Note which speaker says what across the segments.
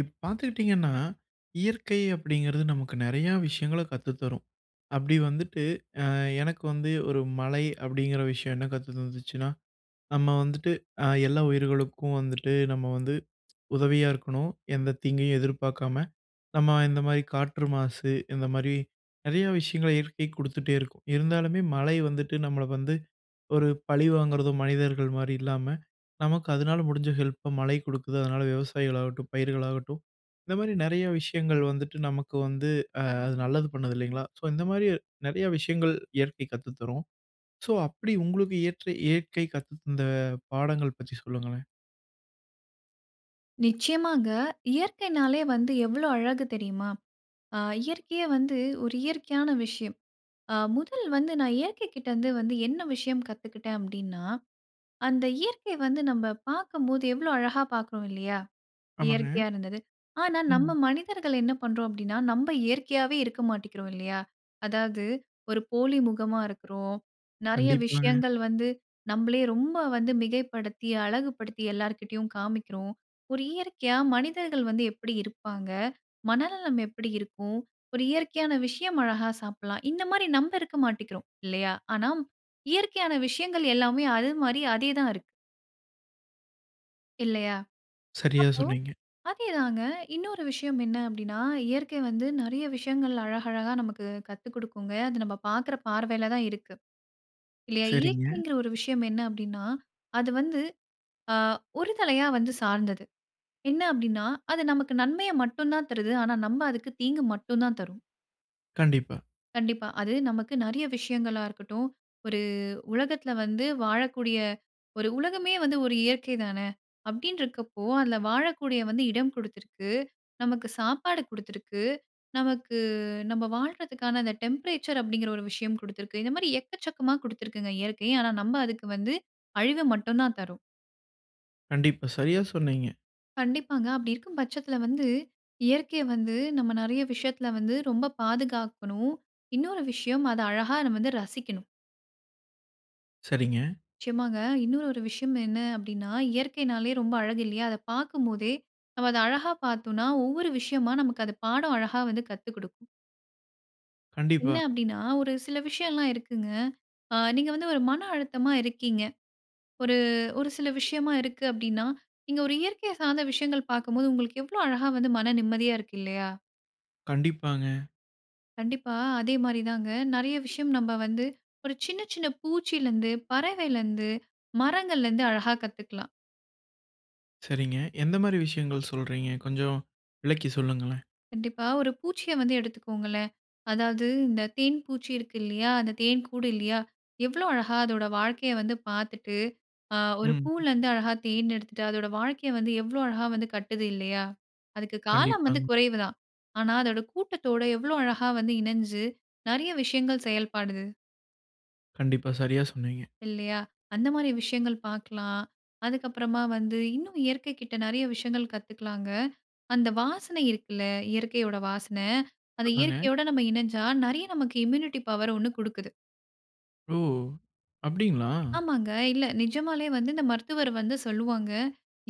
Speaker 1: இப்ப பார்துக்கிட்டீங்கன்னா, இயற்கை அப்டிங்குறது நமக்கு நெறையா விஷயங்கள கத்து தரும். அப்படி வந்துட்டு, அ எனக்கு வந்து ஒரு மழை அப்டிங்கிற விஷயம் என்ன கத்து தந்துச்சுன்னா, நம்ம வந்துட்டு அ எல்லா உயிர்களுக்கும் வந்துட்டு, நம்ம வந்து உதவியா இருக்கணும். எந்த தீங்கயும் எதிர்பார்க்காம நம்ம இந்த மாரி காற்று மாசு, இந்த மாரி நிறைய விஷயங்கள இயற்கைக் குடுத்துட்டே இருக்கும். இருந்தாலுமே மழை வந்துட்டு நம்மள வந்து, ஒரு பழிவாங்குறதோ மனிதர்கள் மாரி இல்லாம, நமக்கு அதனால முடிஞ்ச ஹெல்ப்ப மழை குடுக்குது. அதனால விவசாயிகள் ஆகட்டும், பயிர்களாகட்டும், இந்த மாரி நெறைய விஷயங்கள் வந்துட்டு, நமக்கு வந்து அ அது நல்லது பண்ணுது இல்லிங்களா? ஸோ, இந்த மாரி நெறையா விஷயங்கள் இயற்கை கத்து தரும். சோ அப்டி உங்களுக்கு ஏற்ற இயற்கை கத்துத்தந்த பாடங்கள் பற்றி சொல்லுங்களேன்.
Speaker 2: நிச்சயமாங்க. இயற்கைனாலே வந்து எவ்ளோ அழகு தெரியுமா? ஆ இயற்கையே வந்து ஒரு இயற்கையான விஷயம். ஆ முதல் வந்து நான் இயற்கை கிட்ட இருந்து வந்து, என்ன விஷயம் கத்துக்கிட்டேன் அப்படின்னா, அந்த இயற்கை வந்து நம்ப பார்க்கம்போது எவ்ளோ அழகா பார்க்குறோம் இல்லையா?
Speaker 1: ஆமாங்க.
Speaker 2: இயற்கையா இருந்தது. ஆனா நம்ம
Speaker 1: ம்.
Speaker 2: மனிதர்கள் என்ன பண்றோம் அப்டிண்ணா நம்ப இயற்கையாவே இருக்க மாட்டிக்கிறோம் இல்லையா, அதாவது ஒரு போலி முகமா இருக்கிறோம். நெறைய
Speaker 1: கண்டிப்பாங்க.
Speaker 2: விஷயங்கள் வந்து நம்பளே ரொம்ப வந்து மிகைப்படுத்தி, அழகு படுத்தி, எல்லார்கிட்டயும் காமிக்கிறோம். ஒரு இயற்கையா மனிதர்கள் வந்து எப்படி இருப்பாங்க, மனநலம் எப்படி இருக்கும், ஒரு இயற்கையான விஷயம் அழகா சாப்பிடலாம். இந்த மாரி நம்ப இருக்க மாட்டிக்கிறோம். இல்லையா, ஆனா இயற்கையான விஷயங்கள் எல்லாமே அது மாரி அதே தான் இருக்கு. இல்லையா?
Speaker 1: சரியா
Speaker 2: அப்போ
Speaker 1: சொன்னீங்க.
Speaker 2: அதே தாங்க. இன்னொரு விஷயம் என்ன அப்படின்னா, இயற்கை வந்து நெறைய விஷயங்கள் அழகழகா நமக்கு கத்து குடுக்குங்க. அது நம்ப பாக்குற பார்வைல தான் இருக்கு. இல்லையா?
Speaker 1: சரிங்க.
Speaker 2: இயற்கைங்கிற ஒரு விஷயம் என்ன அப்டின்னா, அது வந்து ஆ ஒரு தலையா வந்து சார்ந்தது. என்ன அப்படின்னா, அது நமக்கு நன்மைய மட்டும் தான் தருது. ஆனா நம்ப அதுக்கு தீங்கு மட்டும் தான் தர்றோம்.
Speaker 1: கண்டிப்பா.
Speaker 2: கண்டிப்பா. அது நமக்கு நெறையா விஷயங்களாருக்கட்டும். ஒரு உலகத்தில வந்து, வாழக்கூடிய ஒரு உலகமே வந்து ஒரு இயற்கை தான! அப்டின்ருக்கப்போ அதில வாழக்கூடிய வந்து இடம் குடுத்திருக்கு, நமக்கு சாப்பாடு குடுத்திருக்கு, நமக்கு நம்ப வாழ்றதுக்கான அந்த டெம்பரேச்சர் அப்டிங்கிற ஒரு விஷயம் குடுத்திருக்கு. இந்த மாரி எக்கச்சக்கமா குடுத்துருக்குங்க இயற்கை. ஆனா நம்ப அதுக்கு வந்து அழிவ மட்டும் தான் தர்றோம்.
Speaker 1: கண்டிப்பா. சரியா சொன்னீங்க.
Speaker 2: கண்டிப்பாங்க. அப்டி இருக்கும் பட்சத்தில வந்து, இயற்கைய வந்து நம்ம நிறைய விஷயத்தில வந்து ரொம்ப பாதுகாக்கணும். இன்னொரு விஷயம் அத அழகா நம்ம வந்து ரசிக்கணும்.
Speaker 1: சரிங்க.
Speaker 2: நிச்சயமாங்க. இன்னொரு ஒரு விஷயம் என்ன அப்படின்னா, இயற்கைன்னாலே ரொம்ப அழகு இல்லையா? அதை பாக்கும் போதே, நம்ம அத அழகா பார்த்தோன்னா, ஒவ்வொரு விஷயமா நமக்கு அது பாடம் அழகா வந்து கத்து குடுக்கும்.
Speaker 1: கண்டிப்பா.
Speaker 2: என்ன அப்படின்னா, ஒரு சில விஷ்யலாம் இருக்குங்க. ஆ நீங்க வந்து ஒரு மன அழுத்தமா இருக்கீங்க. ஒரு, ஒரு சில விஷயமா இருக்கு அப்படின்னா, நீங்க ஒரு இயற்கைய சார்ந்த விஷயங்கள் பாக்கும்போது, உங்களுக்கு எவ்ளோ அழகா வந்து மன நிம்மதியா இருக்கு இல்லையா!
Speaker 1: கண்டிப்பாங்க.
Speaker 2: கண்டிப்பா, அதே மாரி தாங்க நெறைய விஷயம் நம்ப வந்து ஒரு சின்ன, சின்ன பூச்சியிலருந்து, பறவயிலருந்து, மரங்கள்லருந்து அழகா கத்துக்கலாம்.
Speaker 1: சரிங்க, எந்த மாரி விஷயங்கள் சொல்றீங்க? கொஞ்சம் விளக்கி சொல்லுங்களேன்?
Speaker 2: கண்டிப்பா, ஒரு பூச்சிய வந்து எடுத்துக்கோங்களேன். அதாவது இந்த தேன் பூச்சி இருக்கு இல்லையா? அந்த தேன் கூடு இல்லையா? எவ்வளோ அழகா அதோட வாழ்க்கைய வந்து பாத்துட்டு, அ ஒரு
Speaker 1: ம். ம்.
Speaker 2: பூலருந்து அழகா தேன் எடுத்துட்டு, அதோட வாழ்க்கைய வந்து எவ்வளோ அழகா வந்து கட்டுது இல்லையா? அதுக்கு காலம் வந்து
Speaker 1: கண்டிப்பாங்க.
Speaker 2: குறைவு தான். ஆனா அதோட கூட்டத்தோட எவ்ளோ அழகா வந்து இணஞ்சு நறைய விஷயங்கள் செயல்படுது.
Speaker 1: கண்டிப்பா, சரியா சொன்னீங்க.
Speaker 2: இல்லையா? அந்த மாதிரி விஷயங்கள் பாக்கலாம். அதுக்கப்புறமா வந்து இன்னும் இயற்கை கிட்ட நெறைய விஷயங்கள் கத்துக்கலாங்க. அந்த வாசனை இருக்குல்ல, இயற்கையோட வாசன அந்த
Speaker 1: ஆமாங்க.
Speaker 2: இயற்கையோட நம்ம இணஞ்சா நறைய நமக்கு இம்யூனிட்டி பவர் ஒண்ணு குடுக்குது.
Speaker 1: ஓ! அப்படிங்களா?
Speaker 2: ஆமாங்க. இல்ல நிஜமாலே வந்து இந்த மருத்துவர் வந்து சொல்லுவாங்க.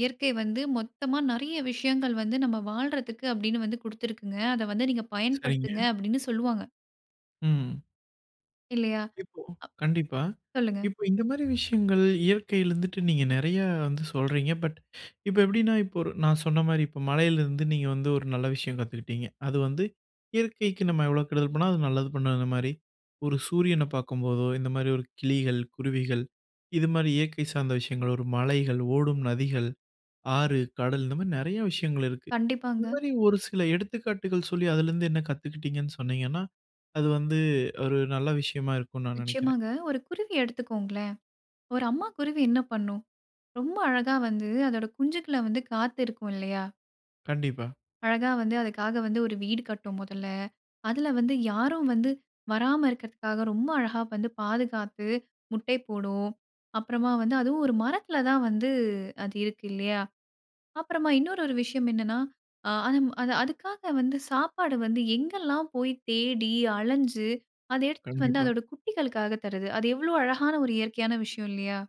Speaker 2: "இயற்கை வந்து மொத்தமா நெறைய விஷயங்கள் வந்து நம்ப வாழ்றதுக்கு அப்படின்னு வந்து குடுத்திருக்குங்க. அத வந்து நீங்க
Speaker 1: சரிங்க.
Speaker 2: பயன்படுத்துங்க" அப்படின்னு சொல்லுவாங்க.
Speaker 1: ம்.
Speaker 2: இல்லையா?
Speaker 1: இப்போ கண்டிப்பா.
Speaker 2: அப் சொல்லுங்க.
Speaker 1: இப்போ இந்த மாரி விஷயங்கள் இயற்கையில இருந்துட்டு நீங்க நெறைய வந்து சொல்றீங்க. பட் இப்ப எப்படின்னா இப்ப ஒரு நான் சொன்ன மாரி, இப்ப மழையிலிருந்து நீங்க வந்து ஒரு நல்ல விஷயம் கத்துக்கிட்டீங்க. அது வந்து இயற்கைக்கு நம்ம எவ்வளோ கெடுதல் பண்ணாலும் அது நல்லது பண்ணும் அந்த மாரி. ஒரு சூரியன பார்க்கும்போதோ இந்த மாரி ஒரு கிளிகள், குருவிகள் இது மாரி இயற்கை சார்ந்த விஷயங்களோ, ஒரு மலைகள், ஓடும் நதிகள், ஆறு, கடல் இந்த மாரி நெறைய விஷயங்கள் இருக்கு. இந்த
Speaker 2: கண்டிப்பாங்க.
Speaker 1: மாரி ஒரு சில எடுத்துக்காட்டுகள் சொல்லி அதிலிருந்து என்ன கத்துக்கிட்டீங்கன்னு சொன்னீங்கன்னா, அது வந்து ஒரு நல்ல விஷயமா இருக்கும்ன்னு நான் நெனைக்கிறேன்.
Speaker 2: நிச்சயமாங்க. ஒரு குருவி எடுத்துக்கோங்களேன். ஒரு அம்மா குருவி என்ன பண்ணும், ரொம்ப அழகா வந்து அதோட குஞ்சுக்கள வந்து காத்து இருக்கும் இல்லையா?
Speaker 1: கண்டிப்பா.
Speaker 2: அழகா வந்து அதுக்காக வந்து ஒரு வீடு கட்டும் முதல்ல. அதுல வந்து யாரும் வந்து வராம இருக்கிறதுக்காக ரொம்ப அழகா வந்து பாதுகாத்து, முட்டைப் போடும். அப்பறமா வந்து அதுவும் ஒரு மரத்தில தான் வந்து அது இருக்கு இல்லையா? அப்பறமா இன்னொரு ஒரு விஷயம் என்னன்னா, அ அதுவும் அது அதுக்காக வந்து சாப்பாடு வந்து எங்கெல்லாம் போய் தேடி அலைஞ்சு அத எடுத்துட்டு வந்து
Speaker 1: கண்டிப்பா.
Speaker 2: அதோட குட்டிகளுக்காக தருது. அது எவ்வளோ அழகான ஒரு இயற்கையான விஷயம் இல்லையா?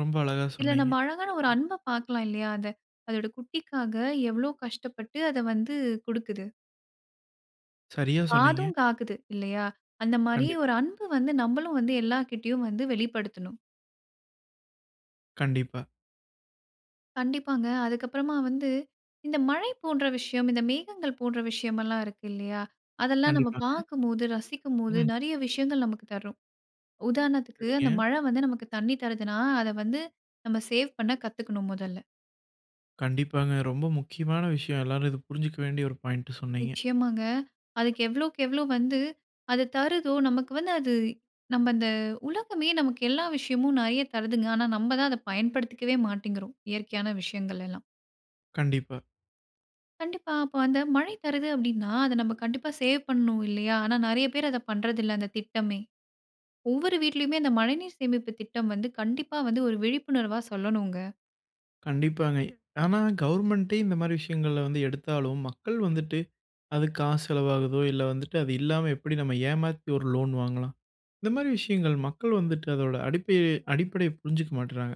Speaker 1: ரொம்ப அழகா
Speaker 2: இதுல
Speaker 1: சொன்னீங்க.
Speaker 2: நம்ம அழகான ஒரு அன்ப பாக்கலாம். இல்லையா? அதை அதோட குட்டிக்காக எவ்ளோ கஷ்டப்பட்டு அதை வந்து குடுக்குது.
Speaker 1: சரியா சொன்னீங்க.
Speaker 2: பாதும்காக்குது, இல்லையா? அந்த மாரி
Speaker 1: கண்டிப்பா.
Speaker 2: ஒரு அன்பு வந்து, நம்மளும் வந்து, எல்லார்கிட்டையும் வந்து வெளிப்படுத்தணும்.
Speaker 1: கண்டிப்பா.
Speaker 2: கண்டிப்பாங்க. அதுக்கப்புறமா வந்து, இந்த மழை போன்ற விஷயம், இந்த மேகங்கள் போன்ற விஷயமெல்லாம் இருக்கு. இல்லையா? அதெல்லாம் நம்ம
Speaker 1: கண்டிப்பாங்க.
Speaker 2: பார்க்கும்போது, ரசிக்கும்போது,
Speaker 1: ம்.
Speaker 2: நெறைய விஷயங்கள் நமக்கு தரும். உதாரணத்துக்கு, அந்த
Speaker 1: சரிங்க.
Speaker 2: மழை வந்து நமக்கு தண்ணீ தருதுனா, அதை வந்து நம்ம சேவ் பண்ண கத்துக்கணும் முதல்ல.
Speaker 1: கண்டிப்பாங்க. ரொம்ப முக்கியமான விஷயம். எல்லாரும் இதை புரிஞ்சுக்க வேண்டிய ஒரு பாயிண்டு சொன்னீங்க.
Speaker 2: நிச்சயமாங்க. அதுக்கு எவ்வளோக்கு, எவ்ளோ வந்து அது தருதுதோ, நமக்கு வந்து அது நம்ப அந்த உலகமே நமக்கு எல்லா விஷயமும் நெறைய தருதுங்க. ஆனா நம்ம தான் அத பயன்படுத்திக்கவே மாட்டேங்கிறோம். இயற்கையான விஷயங்களெல்லாம்.
Speaker 1: கண்டிப்பா.
Speaker 2: கண்டிப்பா! அப்ப அந்த மழை தருது அப்படீன்னா அதை நம்ம கண்டிப்பா சேவ் பண்ணனும். இல்லையா? ஆனா நெறைய பேர் அத பண்றதில்லை, அந்த திட்டமே. ஒவ்வொரு வீட்லயுமே அந்த மழைநீர் சேமிப்பு திட்டம் வந்து, கண்டிப்பா வந்து ஒரு விழிப்புணர்வா சொல்லணும்ங்க.
Speaker 1: கண்டிப்பாங்க. ஆனா கவர்மெண்ட்டே இந்த மாரி விஷயங்கள்ல வந்து எடுத்தாலும், மக்கள் வந்துட்டு, "அது காசு செலவாகுதோ, இல்ல வந்துட்டு அது இல்லாம எப்படி நம்ம ஏமாத்தி ஒரு லோன் வாங்கலாம்? இந்த மாரி விஷயங்கள் மக்கள் வந்துட்டு அதோட அடிப்படைய- அடிப்படைய புரிஞ்சுக்க மாட்டுறாங்க.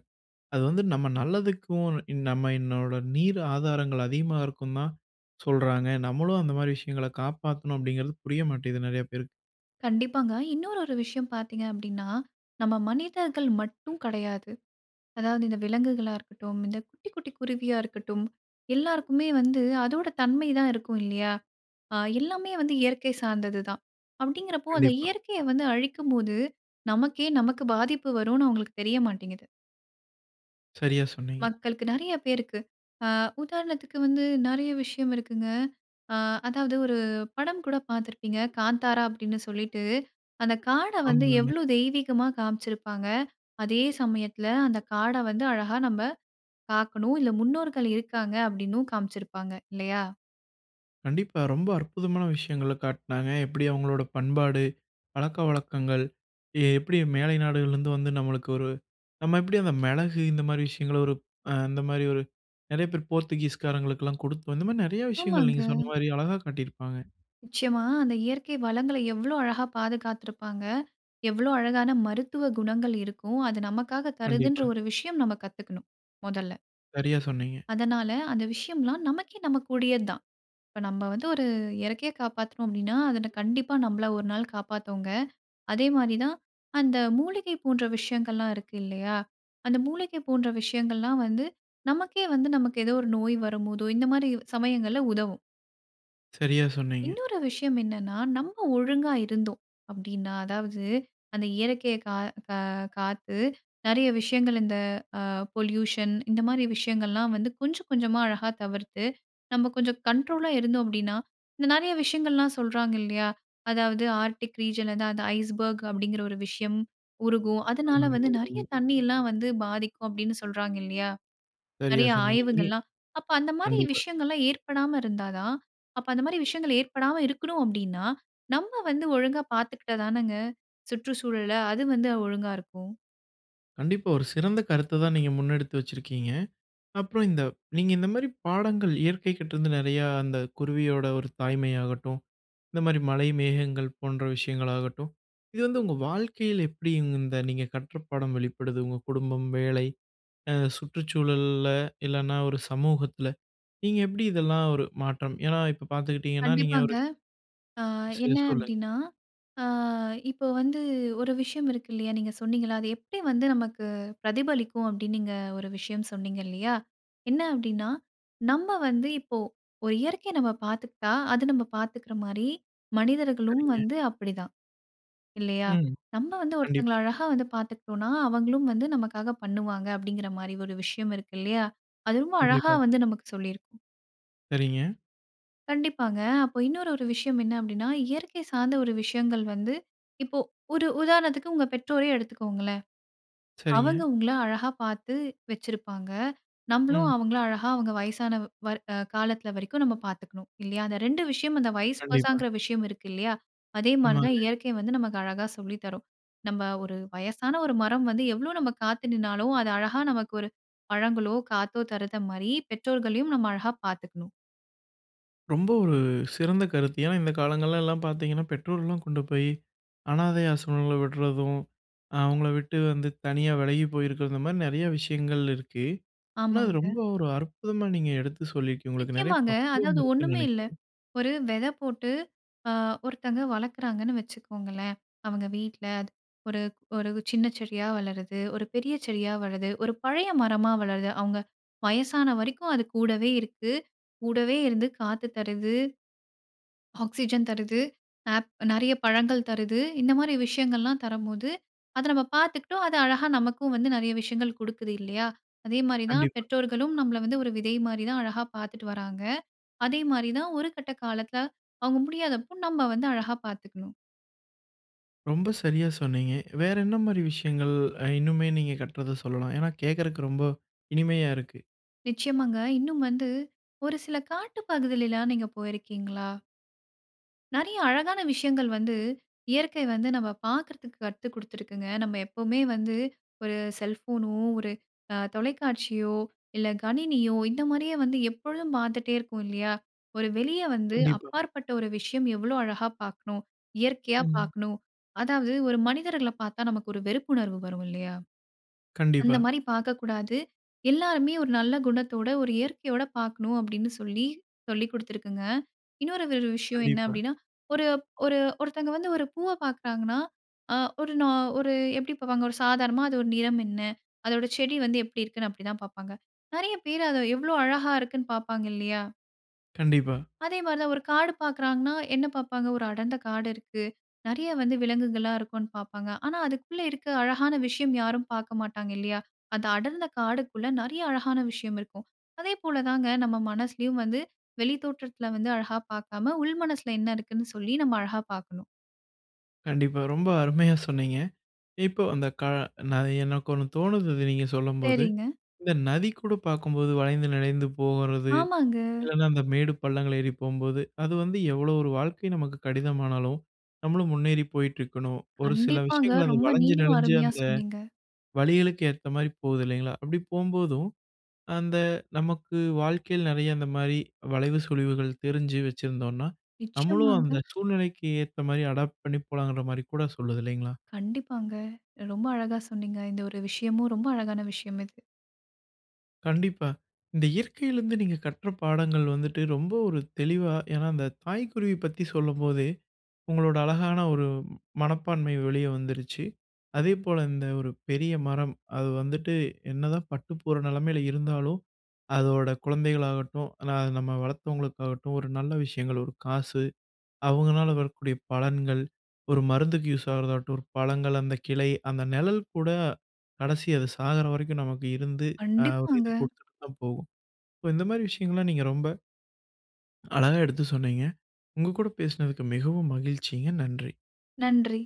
Speaker 1: அது வந்து நம்ம நல்லதுக்கும் இன்ன நம்ம என்னோட நீர் ஆதாரங்கள் அதிகமா இருக்கும்னு தான் சொல்றாங்க. நம்மளும் அந்த மாரி விஷயங்கள காப்பாத்தணும் அப்படிங்கிறது புரிய மாட்டேங்குதும் நிறைய பேருக்கு.
Speaker 2: கண்டிப்பாங்க. இன்னொரு ஒரு விஷயம் பார்த்தீங்க அப்படின்னா, நம்ம மனிதர்கள் மட்டும் கிடையாது. அதாவது இந்த விலங்குகளா இருக்கட்டும், இந்த குட்டி, குட்டி குருவியா இருக்கட்டும். எல்லாருக்குமே வந்து அதோட தன்மை தான் இருக்கும் இல்லையா? ஆ எல்லாமே வந்து இயற்கை சார்ந்தது தான். அப்படிங்கறப்போ அந்த
Speaker 1: கண்டிப்பா.
Speaker 2: இயற்கையை வந்து அழிக்கும் போது நமக்கே, நமக்கு பாதிப்பு வரும்ன்னு அவங்களுக்கு தெரிய மாட்டேங்குது.
Speaker 1: சரியா சொன்னீங்க.
Speaker 2: மக்களுக்கு நெறைய பேருக்கு. அ உதாரணத்துக்கு வந்து நெறைய விஷயம் இருக்குங்க. அ அதாவது ஒரு படம் கூட பார்த்துருப்பீங்க "காந்தாரா" அப்படின்னு சொல்லிட்டு. அந்த காட வந்து
Speaker 1: ஆமாங்க.
Speaker 2: எவ்வளோ தெய்வீகமா காமிச்சிருப்பாங்க. அதே சமயத்தில அந்த காட வந்து அழகா நம்ப பார்க்கணும். இதுல முன்னோர்கள் இருக்காங்க அப்படின்னும் காமிச்சிருப்பாங்க இல்லையா?
Speaker 1: கண்டிப்பா. ரொம்ப அற்புதமான விஷயங்கள காட்னாங்க. எப்படி அவங்களோட பண்பாடு, பழக்கவழக்கங்கள் எ எப்படி மேலை நாடுகள்லருந்து வந்து நம்மளுக்கு ஒரு நம்ம எப்படி அந்த மிளகு இந்த மாரி விஷயங்களை ஒரு அ அந்த மாதிரி ஒரு நெறைய பேர் போர்த்துகீஸ் காரங்களுக்கெல்லாம் கொடுத்தோம். இந்த மாரி நெறைய விஷயங்கள்
Speaker 2: ஆமாங்க.
Speaker 1: நீங்க சொன்ன மாரி அழகா காட்டியிருப்பாங்க.
Speaker 2: நிச்சயமா. அந்த இயற்கை வளங்கள எவ்வளோ அழகா பாதுகாத்திருப்பாங்க. எவ்வளோ அழகான மருத்துவ குணங்கள் இருக்கும். அது நமக்காக தருதுன்ற
Speaker 1: கண்டிப்பா.
Speaker 2: ஒரு விஷயம் நம்ம கத்துக்கணும். மொதல்ல.
Speaker 1: சரியா சொன்னீங்க.
Speaker 2: அதனால, அந்த விஷயம்லாம் நமக்கே நமக்குடையது தான். இப்ப நம்ம வந்து ஒரு இயற்க்கையை காப்பாத்துனோம் அப்படின்னா, அது கண்டிப்பா நம்பள ஒரு நாள் காப்பாத்துங்க. அதே மாரி தான் அந்த மூலிகை போன்ற விஷயங்கள்லாம் இருக்கு இல்லையா? அந்த மூலிகை போன்ற விஷயங்கள்லாம் வந்து நமக்கே வந்து நமக்கு ஏதோ ஒரு நோய் வரும்போதோ இந்த மாரி சமயங்கள்ல உதவும்.
Speaker 1: சரியா சொன்னீங்க.
Speaker 2: இன்னொரு விஷயம் என்னன்னா, நம்ப ஒழுங்கா இருந்தோம் அப்படின்னா அதாவது அந்த இயற்கையை க கா காத்து நெறைய விஷயங்கள் இந்த அ பொல்யூஷன் இந்த மாரி விஷயங்கள்லாம் வந்து கொஞ்சம் கொஞ்சமா அழகா தவிர்த்து நம்ம கொஞ்சம் கண்ட்ரோலா இருந்தோம் அப்படின்ன, இந்த நெறைய விஷயங்கள்லாம் சொல்றாங்க இல்லையா? அதாவது ஆர்க்டிக் ரீஜியனில அந்த அந்த ஐஸ்பர்க் அப்படிங்கிற ஒரு விஷயம் உருகும். அதனால
Speaker 1: ஆமாங்க.
Speaker 2: வந்து நெறைய
Speaker 1: [unintelligible]
Speaker 2: தண்ணியெல்லாம் வந்து பாதிக்கும் அப்படின்னு சொல்றாங்க இல்லையா?
Speaker 1: சரியா
Speaker 2: நெறைய
Speaker 1: சொன்னீங்க. ம்.
Speaker 2: ஆய்வுகள்ல்லாம். அப்ப அந்த மாரி
Speaker 1: கண்டிப்பா.
Speaker 2: விஷயங்கள்ல்லாம் ஏற்படாம இருந்தா தான் அப்ப அந்த மாரி விஷயங்கள் ஏற்படாம இருக்கணும் அப்படின்னா நம்ப வந்து ஒழுங்கா பார்த்துக்கிட்டா தானங்க? சுற்று சூழல. அது வந்து ஒழுங்கா இருக்கும்.
Speaker 1: கண்டிப்பா. ஒரு சிறந்த கருத்த தான் நீங்க முன்னெடுத்து வச்சிருக்கீங்க. அப்புறம் இந்த நீங்க இந்த மாரி பாடங்கள் இயற்கைகிட்ட இருந்து நெறையா அந்த குருவியோட ஒரு தாய்மையாகட்டும், இந்த மாரி மழை மேகங்கள் போன்ற விஷயங்களாகட்டும், இது வந்து உங்க வாழ்க்கையில எப்படி இவுங்க இந்த நீங்க கற்ற பாடம் வெளிப்படுது? உங்க குடும்பம், வேலை அ சுற்றுச்சூழல்ல இல்லனா ஒரு சமூகத்தில, நீங்க எப்படி இதெல்லாம் ஒரு மாற்றம் ஏன்னா இப்ப பார்த்துக்கிட்டீங்கன்னா நீங்க
Speaker 2: கண்டிப்பாங்க.
Speaker 1: ஒரு
Speaker 2: அ
Speaker 1: சரி.
Speaker 2: என்ன
Speaker 1: சொல்லுங்க.
Speaker 2: அப்படின்னா, அ இப்போ வந்து ஒரு விஷயம் இருக்கு இல்லையா? நீங்க சொன்னீங்கள்ள. அது எப்படி வந்து நமக்கு பிரதிபலிக்கும்? அப்படி நீங்க ஒரு விஷயம் சொன்னீங்க இல்லையா? என்ன அப்டின்னா, நம்ம வந்து இப்போ ஒரு இயற்கைய நம்ம பார்த்துக்கிட்டா, அது நம்ப பார்த்துக்கிற மாரி மனிதர்களும்
Speaker 1: சரிங்க.
Speaker 2: வந்து அப்படிதான், இல்லையா?
Speaker 1: ம்.
Speaker 2: நம்ப வந்து ஒருத்தவங்கள
Speaker 1: கண்டிப்பா.
Speaker 2: அழகா வந்து பார்த்துக்டோம்ன்னா, அவங்களும் வந்து நமக்காக பண்ணுவாங்க. அப்டிங்கிற மாரி ஒரு விஷயம் இருக்கு இல்லையா? அது ரொம்ப அழகா
Speaker 1: கண்டிப்பா.
Speaker 2: வந்து நமக்கு சொல்லி இருக்கும்.
Speaker 1: சரிங்க.
Speaker 2: கண்டிப்பாங்க. அப்போ இன்னொரு ஒரு விஷயம் என்ன அப்டின்னா, இயற்கை சார்ந்த ஒரு விஷயங்கள் வந்து, இப்போ ஒரு உதாரணத்துக்கு உங்க பெற்றோரையே எடுத்துக்கோங்களேன்.
Speaker 1: சரிங்க.
Speaker 2: அவங்க உங்கள அழகா பாத்து வெச்சிருப்பாங்க. நம்மளும்
Speaker 1: ம்.
Speaker 2: அவங்கள அழகா அவங்க வயசான வர் அ காலத்தில வரைக்கும் நம்ம பார்த்துக்ணும், இல்லையா? அந்த 2 விஷயம் அந்த வயஸ்
Speaker 1: கண்டிப்பா.
Speaker 2: வெர்ஷங்கிற விஷயம் இருக்கு இல்லையா? அதே மாரி தான்
Speaker 1: ஆமாங்க.
Speaker 2: இயற்கை வந்து நமக்கு அழகா சொல்லி தரும். நம்ப ஒரு வயசான ஒரு மரம் வந்து எவ்ளோ நம்ம காத்து நின்னாலும், அது அழகா நமக்கு ஒரு பழங்களோ, காத்தோ தருகிற மாரி, பெற்றோர்களையும் நம்ம அழகா பார்த்துக்கணும்.
Speaker 1: ரொம்ப ஒரு சிறந்த கருத்து. ஏன்னா இந்த காலங்கள்லலாம் பார்த்தீங்கன்னா, பெற்றோர்லாம் கொண்டு போயி அனாதை ஆசிரமங்கள்ல விடுறதும். அ அவங்கள விட்டு வந்து தனியா விலகி போயிருக்கிறது. இந்த மாரி நெறைய விஷயங்கள் இருக்கு. ஆனா அது
Speaker 2: ஆமாங்க.
Speaker 1: ரொம்ப ஒரு அற்புதமா நீங்க எடுத்து சொல்லியிருக்கீங்க. உங்களுக்கு நெறைய
Speaker 2: நிச்சயமாங்க.
Speaker 1: பக்குவம்
Speaker 2: அதாவது
Speaker 1: இருக்குன்னு
Speaker 2: ஒண்ணுமே இல்ல.
Speaker 1: நெனைக்கிறேன்.
Speaker 2: ஒரு வெத போட்டு அ ஒருத்தவங்க வளர்க்குறாங்கன்னு வச்சுக்கோங்களேன். அவங்க வீட்ல. அது ஒரு ஒரு சின்ன செடியா வளருது, ஒரு பெரிய செடியா வளருது ஒரு பழைய மரமா வளருது. அவங்க வயசான வரைக்கும் அது கூடவே இருக்கு. கூடவே இருந்து காத்து தருது, ஆக்ஸிஜன் தருது, ஆப் நெறைய பழங்கள் தருது, இந்த மாரி விஷயங்கள்லாம் தரம்போது அதை நம்ம பார்த்துக்கிட்டோம். அது அழகா நமக்கும் வந்து நெறைய விஷயங்கள் கொடுக்குது இல்லையா! அதே மாரி தான்
Speaker 1: கண்டிப்பா.
Speaker 2: பெற்றோர்களும் நம்மள வந்து ஒரு விதை மாரி தான் அழகா பார்த்துட்டு வராங்க. அதே மாரி தான் ஒரு கட்ட காலத்தில அவங்க முடியாதப்போ நம்ம வந்து அழகா பார்த்துக்கணும்.
Speaker 1: ரொம்ப சரியா சொன்னீங்க. வேற என்ன மாரி விஷயங்கள் அ இன்னுமே நீங்க கட்டுறத சொல்லலாம். ஏன்னா கேக்கறக்கு ரொம்போ இனிமையா இருக்கு.
Speaker 2: நிச்சயமாகங்க. இன்னும் வந்து ஒரு சில காட்டு பகுதில எல்லா நீங்க போயிருக்கீங்களா? நெறைய அழகான விஷயங்கள் வந்து, இயற்கை வந்து நம்ம பாக்குறதுக்கு கத்து கொடுத்து இருக்குங்க. நம்ம எப்பவுமே வந்து, ஒரு செல்போனோ, ஒரு அ தொலைக்காட்சியோ இல்ல கணினியோ இந்த மாரியே வந்து எப்பொழுதும் பார்த்துட்டே இருக்கோம் இல்லையா? ஒரு வெளிய வந்து
Speaker 1: கண்டிப்பா.
Speaker 2: அப்பாற்பட்ட ஒரு விஷயம் எவ்வளோ அழகா பார்க்கணும். இயற்கையா
Speaker 1: ம்.
Speaker 2: பார்க்கணும். அதாவது ஒரு மனிதர்கள பார்த்தா, நமக்கு ஒரு வெறுப்புணர்வு வரும் இல்லையா?
Speaker 1: கண்டிப்பா.
Speaker 2: அந்த மாரி பார்க்கக்கூடாது. எல்லாருமே ஒரு நல்ல குணத்தோட, ஒரு இயற்கையோட பார்க்கணும் அப்படீன்னு சொல்லி சொல்லி குடுத்துருக்குங்க. இன்னொரு ஒரு விஷயம் என்ன
Speaker 1: கண்டிப்பா.
Speaker 2: அப்படீன்னா, ஒரு ஒரு ஒருத்தவங்க வந்து ஒரு பூவ பார்க்குறாங்கன்னா அ ஒரு நா ஒரு எப்டி பார்ப்பாங்க? ஒரு சாதாரணமா அதோட நிறம் என்ன? அதோட செடி வந்து எப்படி இருக்குன்னு, அப்டிதான் பார்ப்பாங்க. நெறைய பேரு அத எவ்வளோ அழகாக இருக்குன்னு பார்ப்பாங்க இல்லியா?
Speaker 1: கண்டிப்பா.
Speaker 2: அதே மாதிரி தான். ஒரு காடு பார்க்குறாங்கன்னா, என்ன பார்ப்பாங்க? ஒரு அடர்ந்த காடு இருக்கு. நெறைய வந்து, விலங்குகள்லாம் இருக்குன்னு பார்ப்பாங்க. ஆனா அதுக்குள்ள இருக்க அழகான விஷயம், யாரும் பார்க்க மாட்டாங்க. இல்லியா? அந்த அடர்ந்த காடுக்குள்ள நிறைய அழகான விஷயம் இருக்கும். அதே போல தாங்க, நம்ம மனசுலயும் வந்து, வெளித்தோற்றத்துல வந்து அழகா பார்க்காம, உள் மனசுல என்ன இருக்குன்னு சொல்லி, நம்ம அழகா பார்க்கணும்.
Speaker 1: கண்டிப்பா. ரொம்ப அருமையா சொன்னீங்க. இப்போ அந்த க ந எனக்கு ஒண்ணு தோணுது, அத நீங்க சொல்லும்போது.
Speaker 2: சரிங்க.
Speaker 1: இந்த நதி கூட பார்க்கும்போது வளைந்து நெலிந்து போகுறது.
Speaker 2: ஆமாங்க.
Speaker 1: இல்லைனா அந்த மேடு பள்ளங்கள் ஏறி போம்போது, அது வந்து எவ்வளோ ஒரு வாழ்க்கை நமக்கு கடினமானாலும், நம்மளும் முன்னேறி போயிட்டிருக்கணும். ஒரு சில
Speaker 2: கண்டிப்பாங்க.
Speaker 1: விஷயங்கள் அது
Speaker 2: ரொம்ப
Speaker 1: வளைஞ்சு
Speaker 2: நீங்களும்
Speaker 1: நெளிஞ்சு,
Speaker 2: அருமையா
Speaker 1: அந்த
Speaker 2: சொன்னீங்க.
Speaker 1: வழிகளுக்கு ஏத்த மாரி போகுது இல்லைங்களா? அப்படி போகும்போதும், அந்த நமக்கு வாழ்க்கையில நிறைய அந்த மாரி வளைவு, சுழிவுகள் தெரிஞ்சு வச்சிருந்தோம்னா, நம்மளும்
Speaker 2: நிச்சயமாங்க.
Speaker 1: அந்த சூழ்நிலைக்கு ஏத்த மாரி அடாப்ட் பண்ணி போலாங்கிற மாரி கூட சொல்லுது இல்லைங்களா?
Speaker 2: கண்டிப்பாங்க. ரொம்ப அழகா சொன்னீங்க. இந்த ஒரு விஷயமும், ரொம்ப அழகான விஷயம் இது.
Speaker 1: கண்டிப்பா. இந்த இயற்கையிலந்து நீங்க கற்ற பாடங்கள் வந்துட்டு, ரொம்ப ஒரு தெளிவா ஏன்னா அந்த தாய் குருவி பத்தி சொல்லும்போதே, உங்களோட அழகான ஒரு மனப்பான்மை வெளியே வந்துருச்சு. அதே போல இந்த ஒரு பெரிய மரம், அது வந்துட்டு என்ன தான் பட்டுப்போற நிலைமையில இருந்தாலும், அதோட குழந்தைகளாகட்டும், ஆனா, நம்ம வளர்த்தவங்களுக்காகட்டும், ஒரு நல்ல விஷயங்கள், ஒரு காசு அவங்களால வரக்கூடிய பலன்கள், ஒரு மருந்துக்கு யூஸ் ஆகறதாகட்டும், பழங்கள், அந்த கிளை, அந்த நிழல் கூட கடைசி அது சாகுற வரைக்கும் நமக்கு இருந்து அ ஒரு
Speaker 2: கண்டிப்பாங்க.
Speaker 1: இது குடுத்துட்டு தான் போகும். ஸோ இந்த மாதிரி விஷயங்கள்லாம் நீங்க ரொம்ப அழகா எடுத்து சொன்னீங்க. உங்க கூட பேசினதுக்கு மிகவும் மகிழ்ச்சிங்க. நன்றி!
Speaker 2: நன்றி.